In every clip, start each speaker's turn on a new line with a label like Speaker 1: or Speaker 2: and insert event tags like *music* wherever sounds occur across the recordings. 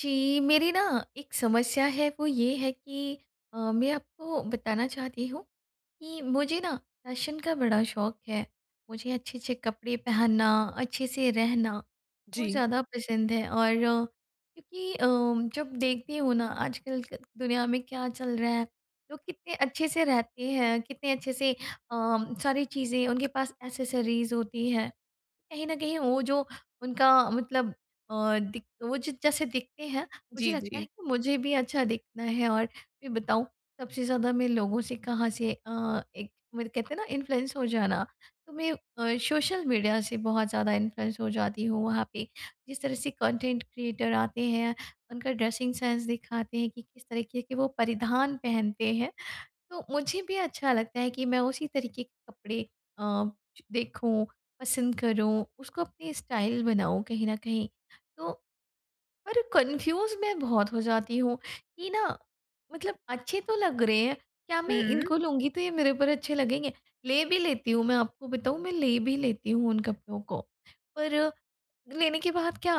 Speaker 1: जी। मेरी ना एक समस्या है वो ये है कि अ, मैं आपको बताना चाहती हूँ कि मुझे ना फ़ैशन का बड़ा शौक है। मुझे अच्छे-अच्छे कपड़े पहनना, अच्छे से रहना बहुत
Speaker 2: जी।
Speaker 1: ज़्यादा पसंद है। और क्योंकि अ, जब देखती हूँ ना आजकल दुनिया में क्या चल रहा है लोग कितने अच्छे से रहते हैं। कितने अच्छे से अ, सारी चीज़ें उनके पास एक्सेसरीज़ होती है। कहीं न कहीं वो जो उनका मतलब अ, दि वो जो जैसे दिखते हैं मुझे
Speaker 2: जी,
Speaker 1: लगता है
Speaker 2: जी।
Speaker 1: कि मुझे भी अच्छा दिखना है और फ़िर बताऊँ सबसे ज़्यादा मैं लोगों से कहाँ से अ, एक मतलब कहते हैं ना इन्फ्लुएंस हो जाना। तो मैं अ, सोशल मीडिया से बहुत ज़्यादा इन्फ्लुएंस हो जाती हूँ। वहाँ पे जिस तरह से कंटेंट क्रिएटर आते हैं उनका ड्रेसिंग सेंस दिखाते हैं कि किस तरीके के वो परिधान पहनते हैं तो मुझे भी अच्छा लगता है कि मैं उसी तरीके के कपड़े अ, देखूँ पसंद करूँ उसको अपनी स्टाइल बनाऊँ कहीं न कहीं। तो पर कन्फ्यूज़ मैं बहुत हो जाती हूँ कि ना मतलब अच्छे तो लग रहे हैं क्या मैं
Speaker 2: हुँ।
Speaker 1: इनको लूँगी, तो ये मेरे पर अच्छे लगेंगे? ले भी लेती हूँ। मैं आपको बताऊँ, मैं ले भी लेती हूँ उन कपड़ों को पर लेने के बाद क्या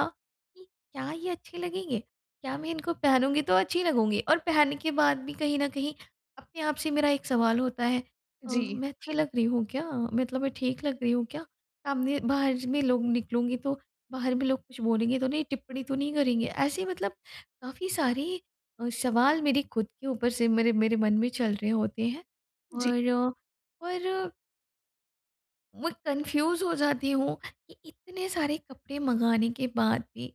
Speaker 1: इ क्या ये अच्छे लगेंगे? क्या मैं इनको पहनूँगी, तो अच्छी लगूँगी? और पहनने के बाद भी कहीं न कहीं अपने आप से मेरा एक सवाल होता है, अ,
Speaker 2: जी।
Speaker 1: मैं अच्छी लग रही हूँ क्या? मतलब मैं ठीक लग रही हूँ क्या? सामने बाहर ज में लोग निकलूँगी तो बाहर में लोग कुछ बोलेंगे तो नहीं? टिप्पणी तो नहीं करेंगे? ऐसे मतलब काफ़ी सारे ही अ, सवाल मेरे ख़ुद के ऊपर से मेरे मेरे मन में चल रहे होते हैं
Speaker 2: जी।
Speaker 1: और और मू कन्फ्यूज़ हो जाती हूँ कि इतने सारे कपड़े मँगाने के बाद भी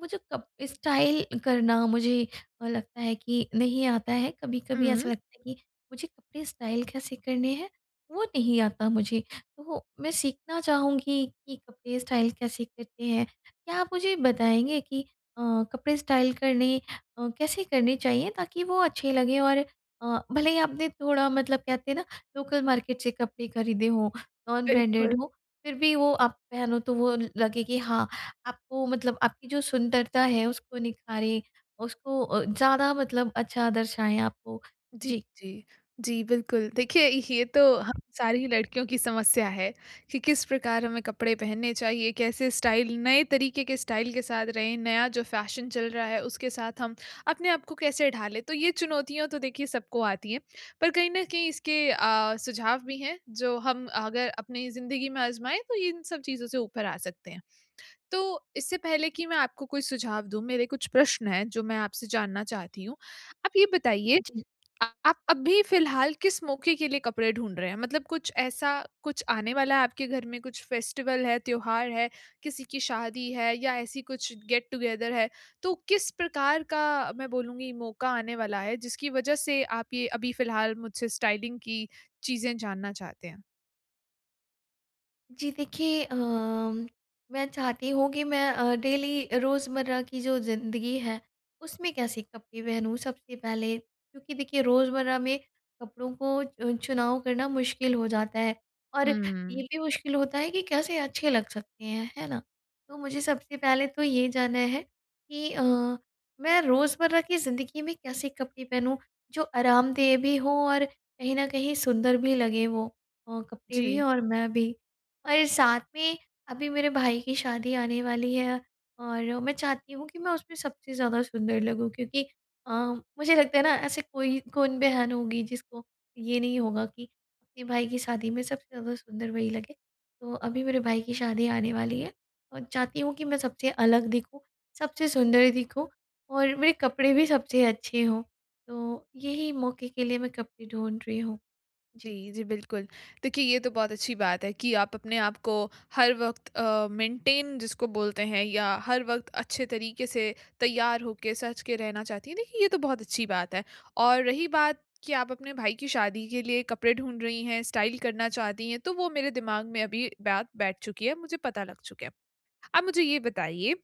Speaker 1: वो जो कप स्टाइल करना, मुझे अ, लगता है कि नहीं आता है कभी-कभी ऐसा
Speaker 2: हुँ।
Speaker 1: लगता है कि मुझे कपड़े स्टाइल कैसे करने हैं वो नहीं आता मुझे। तो मैं सीखना चाहूँगी कि कपड़े स्टाइल कैसे करते हैं? क्या आप मुझे बताएँगे कि अ, कपड़े स्टाइल करने अ, कैसे करने चाहिए ताकि वो अच्छे लगे और अ, भले ही आपने थोड़ा मतलब कहते हैं ना लोकल मार्केट से कपड़े खरीदे हो नॉन ब्रांडेड
Speaker 2: बिल्कुल।
Speaker 1: हो, फ़िर भी वो आप पहनो तो वो लगे कि हाँ, आपको मतलब आपकी जो सुंदरता है उसको निखारें, उसको अ, ज़्यादा मतलब अच्छा दर्शाएँ आपको,
Speaker 2: जी,
Speaker 1: जी।
Speaker 2: जी। जी, बिल्कुल। देखिए ये तो हम सारी लड़कियों की समस्या है कि किस प्रकार हमें कपड़े पहनने चाहिए, कैसे स्टाइल नए तरीके के स्टाइल के साथ रहें, नया जो फ़ैशन चल रहा है उसके साथ हम अपने आपको कैसे ढालें, तो ये चुनौतियाँ तो देखिए सबको आती हैं। पर कहीं न कहीं इसके अ, सुझाव भी हैं जो हम अगर अपनी ज़िंदगी में आज़माएँ तो इन सब चीज़ों से ऊपर आ सकते हैं। तो इससे पहले कि मैं आपको कोई सुझाव दूँ मेरे कुछ प्रश्न हैं जो मैं आपसे जानना चाहती हूँ। आप ये बताइए
Speaker 1: जी।
Speaker 2: आप अभी फ़िलहाल किस मौके के लिए कपड़े ढूँढ रहे हैं? मतलब कुछ ऐसा कुछ आने वाला है आपके घर में कुछ फेस्टिवल है, त्योहार है, किसी की शादी है या ऐसी कुछ गेट-टुगेदर है, तो किस प्रकार का मैं बोलूँगी मौक़ा आने वाला है जिसकी वजह से आप ये अभी फ़िलहाल मुझसे स्टाइलिंग की चीज़ें जानना चाहते हैं?
Speaker 1: जी, देखिए अम मैं चाहती हूँ कि मैं अ, डेली रोज़मर्रा की जो ज़िंदगी है, उसमें कैसे कपड़े पहनूँ सबसे पहले। क्योंकि देखिए रोज़मर्रा में कपड़ों को चुनाव करना मुश्किल हो जाता है, और ये
Speaker 2: हुँ।
Speaker 1: भी मुश्किल होता है कि कैसे अच्छे लग सकते हैं, है ना? तो मुझे सबसे पहले तो ये जानना है कि अ, मैं रोज़मर्रा की ज़िंदगी में कैसे कपड़े पहनूँ जो आरामदेह भी हों और कहीं न कहीं सुंदर भी लगें वो अ, कपड़े भी
Speaker 2: जी।
Speaker 1: और मैं भी। और साथ में अभी मेरे भाई की शादी आने वाली है और मैं चाहती हूँ कि मैं उसमें सबसे ज़्यादा सुंदर लगूँ क्योंकि अ, मुझे लगता है ना, ऐसे कोई कौन बहन होगी जिसको ये नहीं होगा कि अपने भाई की शादी में सबसे ज़्यादा सुंदर वही लगे। तो अभी मेरे भाई की शादी आने वाली है और चाहती हूँ कि मैं सबसे अलग दिखूँ, सबसे सुंदर दिखूँ और मेरे कपड़े भी सबसे अच्छे हों, तो यही मौके के लिए मैं कपड़े ढूँढ़ रही हूँ, जी।
Speaker 2: जी, जी, बिल्कुल। देखिए ये तो बहुत अच्छी बात है कि आप अपने आपको हर वक़्त अ, मेंटेन जिसको बोलते हैं या हर वक़्त अच्छे तरीके से तैयार होके, सज के रहना चाहती हैं। देखिए ये तो बहुत अच्छी बात है और रही बात कि आप अपने भाई की शादी के लिए कपड़े ढूँढ रही हैं, स्टाइल करना चाहती हैं तो वो मेरे दिमाग में अभी बात बैठ चुकी है, मुझे पता लग चुका है। अब मुझे ये बताइए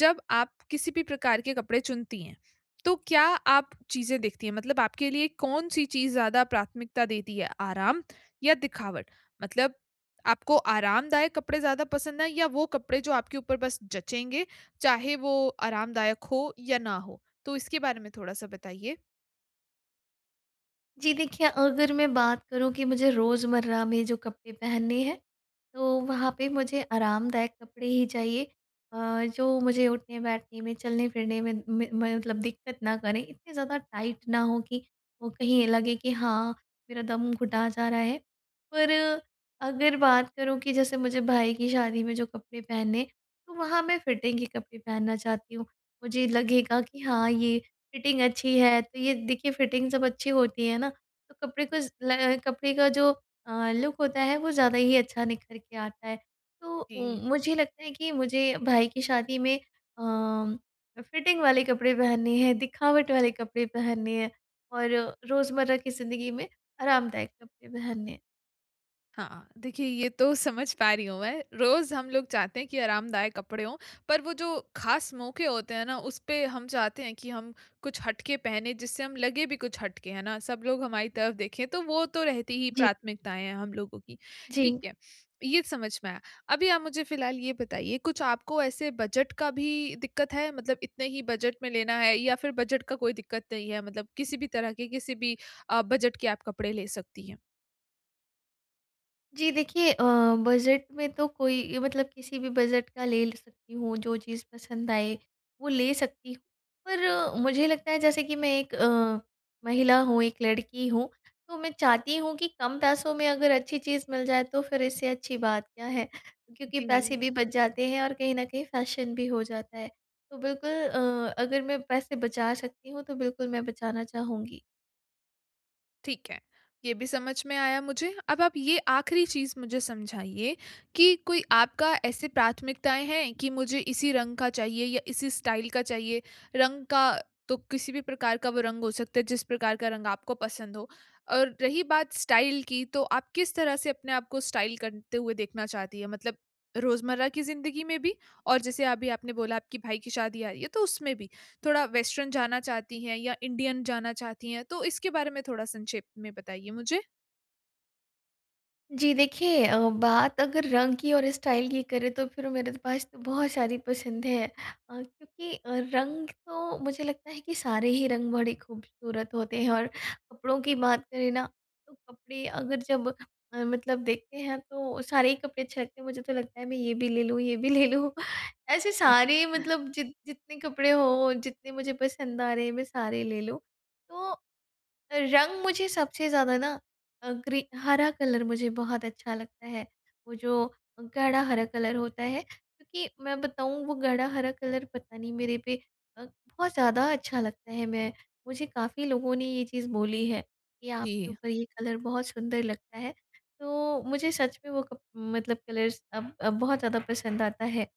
Speaker 2: जब आप किसी भी प्रकार के कपड़े चुनती हैं, तो क्या आप चीज़ें देखती हैं मतलब आपके लिए कौन-सी चीज़ ज़्यादा प्राथमिकता देती हैं, आराम या दिखावट? मतलब आपको आरामदायक कपड़े ज़्यादा पसंद है या वो कपड़े जो आपके ऊपर बस जचेंगे, चाहे वो आरामदायक हो या ना हो? तो इसके बारे में थोड़ा-सा बताइए।
Speaker 1: जी देखिए अगर मैं बात करूँ कि मुझे रोज़मर्रा में जो कपड़े पहनने हैं, तो वहाँ पे मुझे आरामदायक कपड़े ही चाहिए अ, जो मुझे उठने-बैठने में चलने-फिरने में में, म मतलब दिक्कत ना करें। इतने ज़्यादा टाइट ना हों, कि वो कहीं ये लगे कि हाँ मेरा दम घुटा जा रहा है, पर अगर बात करूँ कि जैसे मुझे भाई की शादी में जो कपड़े पहने, तो वहाँ मैं फिटिंग के कपड़े पहनना चाहती हूँ। मुझे लगेगा कि हाँ ये फिटिंग अच्छी है, तो ये देखिए फिटिंग जब अच्छी होती है ना, तो कपड़े को ज़ ल अ, कपड़े का जो अ, लुक होता है, वो ज़्यादा ही अच्छा निखर के आता है। तो
Speaker 2: जी।
Speaker 1: उम, मुझे लगता है कि मुझे भाई की शादी में अम्म फिटिंग वाले कपड़े पहनने हैं, दिखावट वाले कपड़े पहनने हैं, और रोज़मर्रा की ज़िंदगी में आरामदायक कपड़े पहनने हैं।
Speaker 2: हाँ, हाँ। देखिए ये तो समझ पा रही हूँ मैं। रोज़ हम लोग चाहते हैं कि आरामदायक कपड़े हों, पर वो जो ख़ास मौके होते हैं ना, उसपे हम चाहते हैं कि हम कुछ हटके पहने, जिससे हम लगे भी कुछ हट के, है ना? सब लोग हमारी तरफ देखें। तो वो तो रहती ही
Speaker 1: जी।
Speaker 2: प्राथमिकताएँ हैं, हम लोगों की, ठीक
Speaker 1: जी।
Speaker 2: है। ये समझ में आया। अभी आप मुझे फिलहाल ये बताइए, कुछ आपको ऐसे बजट का भी दिक्कत है? मतलब इतने ही बजट में लेना है या फिर बजट का कोई दिक्कत नहीं है? मतलब किसी भी तरह के किसी भी अ, बजट के आप कपड़े ले सकती हैं?
Speaker 1: जी देखिए अ, बजट में तो कोई मतलब किसी भी बजट का ले सकती हूँ जो चीज़ पसंद आए वो ले सकती हूँ। पर मुझे लगता है जैसे कि मैं एक अ, महिला हूँ, एक लड़की हूँ तो मैं चाहती हूँ कि कम पैसों में अगर अच्छी चीज़ मिल जाए तो फिर इससे अच्छी बात क्या है क्योंकि पैसे
Speaker 2: जी।
Speaker 1: भी बच जाते हैं और कहीं न कहीं फ़ेेशन भी हो जाता है। तो बिल्कुल अ, अगर मैं पैसे बचा सकती हूँ तो बिल्कुल मैं बचाना चाहूँगी।
Speaker 2: ठीक है। ये भी समझ में आया मुझे। अब आप ये आखरी चीज़ मुझे समझाइए कि कोई आपका ऐसे प्राथमिकताएँ हैं कि मुझे इसी रंग का चाहिए या इसी स्टाइल का चाहिए? रंग का तो किसी भी प्रकार का वो रंग हो सकता है, जिस प्रकार का रंग आपको पसंद हो। और रही बात स्टाइल की तो आप किस तरह से अपने आपको स्टाइल करते हुए देखना चाहती हैं? मतलब रोज़मर्रा की जिंदगी में भी और जैसे अभी आपने बोला आपके भाई की शादी आ रही है तो उसमें भी। थोड़ा वेस्टर्न जाना चाहती हैं? या इंडियन जाना चाहती हैं? तो इसके बारे में थोड़ा संक्षेप में बताइए मुझे।
Speaker 1: जी देखिए अ, बात अगर रंग की और स्टाइल की करें तो फिर मेरे पास तो बहुत सारी पसंद है। अ, क्योंकि अ, रंग तो मुझे लगता है कि सारे ही रंग बड़े खूबसूरत होते हैं और कपड़ों की बात करें ना तो कपड़े अगर जब अ, मतलब देखते हैं तो सारे ही कपड़े अच्छे लगते हैं। मुझे तो लगता है मैं ये भी ले लूँ ये भी ले लूँ। ऐसे सारे
Speaker 2: *chuckles*
Speaker 1: मतलब जित जितने कपड़े हों, जितने मुझे पसंद आ रहे हैं, मैं सारे ले लूँ। तो रंग मुझे सबसे ज़्यादा ना अ, ग्री हरा कलर मुझे बहुत अच्छा लगता है। वो जो गाढ़ा हरा कलर होता है क्योंकि मैं बताऊँ वो गाढ़ा हरा कलर पता नहीं मेरे पे अ, बहुत ज़्यादा अच्छा लगता है। मैं मुझे काफ़ी लोगों ने ये चीज़ बोली है कि आपके
Speaker 2: जी।
Speaker 1: ऊपर ये कलर बहुत सुंदर लगता है। तो मुझे सच में वो कप मतलब कलर्स अब अब बहुत ज़्यादा पसंद आता है।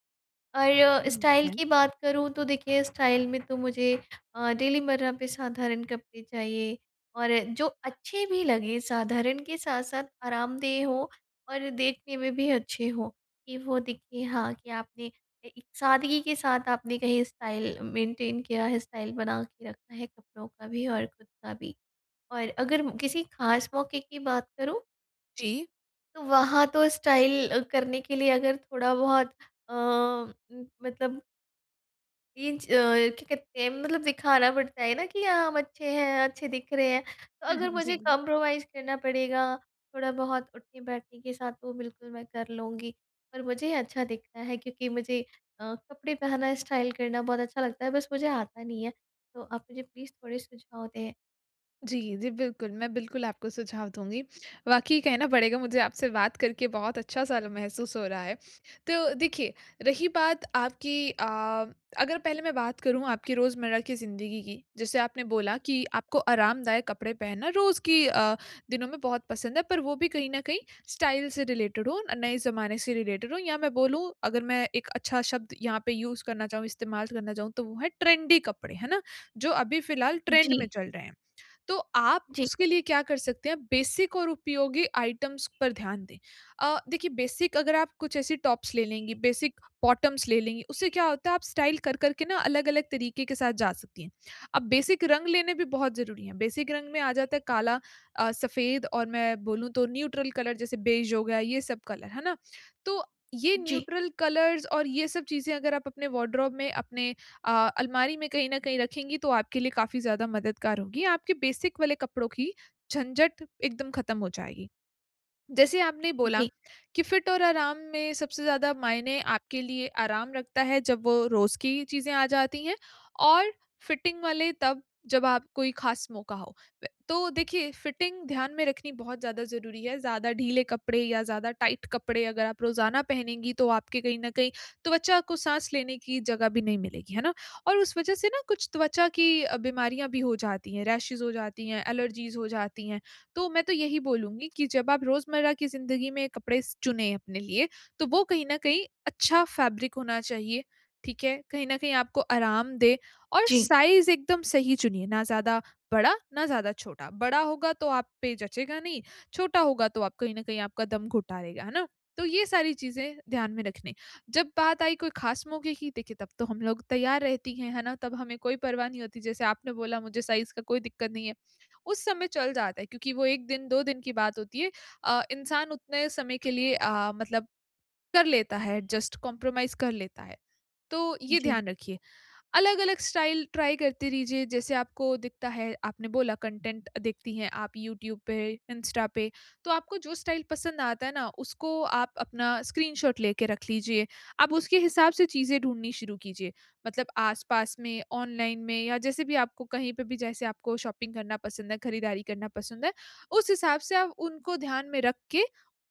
Speaker 1: और
Speaker 2: उम,
Speaker 1: स्टाइल
Speaker 2: है।
Speaker 1: की बात करूँ तो देखिए स्टाइल में तो मुझे अ, डेली मर्रा पे साधारण कपड़े चाहिए। और जो अच्छे भी लगें, साधारण के साथ-साथ आरामदेह हों और देखने में भी अच्छे हों। कि वो दिखें हाँ कि आपने एक सादगी के साथ आपने कहीं स्टाइल मेंटेन किया है, स्टाइल बना के रखा है कपड़ों का भी और ख़ुद का भी। और अगर किसी खास मौके की बात करूँ
Speaker 2: जी।
Speaker 1: तो वहाँ तो स्टाइल अ, करने के लिए अगर थोड़ा बहुत अ, उम, मतलब इंच अ, क्या कहते हैं मतलब दिखाना पड़ता है ना कि हाँ, हम अच्छे हैं, अच्छे दिख रहे हैं। तो अगर
Speaker 2: *chuckles*
Speaker 1: मुझे
Speaker 2: जी।
Speaker 1: कॉम्प्रोमाइज़ करना पड़ेगा थोड़ा बहुत उठने-बैठने के साथ तो बिल्कुल मैं कर लूँगी। पर मुझे अच्छा दिखना है क्योंकि मुझे अ, कपड़े पहनना, स्टाइल करना बहुत अच्छा लगता है बस मुझे आता नहीं है। तो आप मुझे प्लीज़ थोड़े सुझाव दें।
Speaker 2: जी, जी बिल्कुल, मैं बिल्कुल आपको सुझाव दूँगी। वाक़ई कहना पड़ेगा मुझे आपसे बात करके बहुत अच्छा सा ल महसूस हो रहा है। तो देखिए, रही बात आपकी अ, अगर पहले मैं बात करूँ आपकी रोज़मर्रा की ज़िंदगी की, जैसे आपने बोला कि आपको आरामदायक कपड़े पहनना रोज़ की अ, दिनों में बहुत पसंद है पर वो भी कहीं न कहीं स्टाइल से रिलेटेड हों, नए ज़माने से रिलेटेड हों या मैं बोलूँ अगर मैं एक अच्छा शब्द यहाँ पे यूज़ करना चाहूँ इस्तेमाल करना चाहूँ तो वो है ट्रेंडी कपड़े, है ना? जो अभी फिलहाल ट्रेंड में
Speaker 1: जी।
Speaker 2: चल रहे हैं, तो आप
Speaker 1: जी।
Speaker 2: उसके लिए क्या कर सकते हैं बेसिक और उपयोगी आइटम्स पर ध्यान दें। अ, देखिए बेसिक अगर आप कुछ ऐसी टॉप्स ले लेंगी, बेसिक बॉटम्स ले लेंगी, उससे क्या होता है आप स्टाइल कर-कर के ना अलग-अलग तरीके के साथ जा सकती हैं। अब बेसिक रंग लेने भी बहुत ज़रूरी हैं, बेसिक रंग में आ जाता है काला अ, सफेद और मैं बोलूँ तो न्यूट्रल कलर जैसे बेज हो गया, ये सब कलर है ना? तो ये
Speaker 1: जी।
Speaker 2: न्यूट्रल कलर्स और ये सब चीज़ें अगर आप अपने वार्डरोब में अपने अ, अलमारी में कहीं न कहीं रखेंगी तो आपके लिए काफ़ी ज़्यादा मददगार होंगी, आपके बेसिक वाले कपड़ों की झंझट एकदम खत्म हो जाएगी। जैसे आपने बोला,
Speaker 1: जी।
Speaker 2: कि फिट और आराम में सबसे ज़्यादा मायने आपके लिए आराम रखता है जब वो रोज़ की चीज़ें आ जाती हैं, और फिटिंग वाले तब जब आप कोई खास मौका हो। तो देखिए फिटिंग ध्यान में रखनी बहुत ज़्यादा ज़रूरी है। ज़्यादा ढीले कपड़े या ज़्यादा टाइट कपड़े अगर आप रोज़ाना पहनेंगी तो आपके कहीं न कहीं त्वचा को साँस लेने की जगह भी नहीं मिलेगी, है ना? और उस वजह से ना कुछ त्वचा की अ, बीमारियाँ भी हो जाती हैं, रैशेस हो जाती हैं, एलर्जीज़ हो जाती हैं। तो मैं तो यही बोलूँगी कि जब आप रोज़मर्रा की ज़िंदगी में कपड़े स चुनें अपने लिए तो वो कहीं न कहीं अच्छा फ़ैब्रिक होना चाहिए। ठीक है? कहीं न कहीं आपको आराम दे और
Speaker 1: जी।
Speaker 2: साइज़ एकदम सही चुनिए, ना ज़्यादा बड़ा ना ज़्यादा छोटा। बड़ा होगा तो आप पे जचेगा नहीं, छोटा होगा तो आप कहीं न कहीं आपका दम घुटा देगा, है ना? तो ये सारी चीज़ें ध्यान में रखनी। जब बात आई कोई खास मौके की देखिए तब तो हम लोग तैयार रहती हैं, है ना? तब हमें कोई परवाह नहीं होती जैसे आपने बोला मुझे साइज़ का कोई दिक्कत नहीं है। उस समय चल जाता है क्योंकि वो 1 दिन 2 दिन की बात होती है। अ, इंसान उतने समय के लिए अ, मतलब कर लेता है एडजस्ट, कॉम्प्रोमाइज़ कर लेता है, तो ये
Speaker 1: जी।
Speaker 2: ध्यान रखिए। अलग-अलग स्टाइल ट्राई करते रीजिए जैसे आपको दिखता है, आपने बोला कंटेंट देखती हैं आप यूट्यूब पे, इंस्टा पे। तो आपको जो स्टाइल पसंद आता है ना, उसको आप अपना स्क्रीनशॉट लेके रख लीजिए। अब उसके हिसाब से चीज़ें ढूँढनी शुरू कीजिए मतलब आस-पास में, ऑनलाइन में या जैसे भी आपको कहीं पे भी जैसे आपको शॉपिंग करना पसंद है, खरीदारी करना पसंद है, उस हिसाब से आप उनको ध्यान में रख के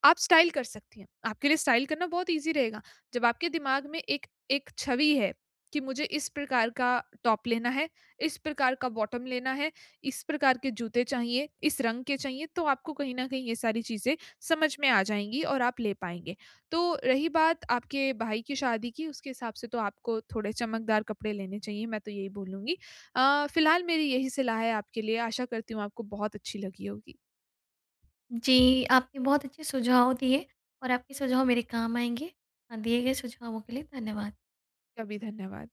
Speaker 2: आप स्टाइल कर सकती हैं, आपके लिए स्टाइल करना बहुत ईज़ी रहेगा। जब आपके दिमाग में एक एक छवि है, कि मुझे इस प्रकार का टॉप लेना है, इस प्रकार का बॉटम लेना है, इस प्रकार के जूते चाहिए, इस रंग के चाहिए तो आपको कहीं न कहीं ये सारी चीज़ें समझ में आ जाएँगी और आप ले पाएँगे। तो रही बात आपके भाई की शादी की, उसके हिसाब से तो आपको थोड़े चमकदार कपड़े लेने चाहिए, मैं तो यही बोलूँगी। अ, फिलहाल मेरी यही सलाह है आपके लिए, आशा करती हूँ आपको बहुत अच्छी लगी होगी।
Speaker 1: जी, आपने बहुत अच्छे सुझाव दिए, और आपके सुझाव मेरे काम आएँगे। अ, दिए गए सुझावों के लिए धन्यवाद।
Speaker 2: का भी धन्यवाद।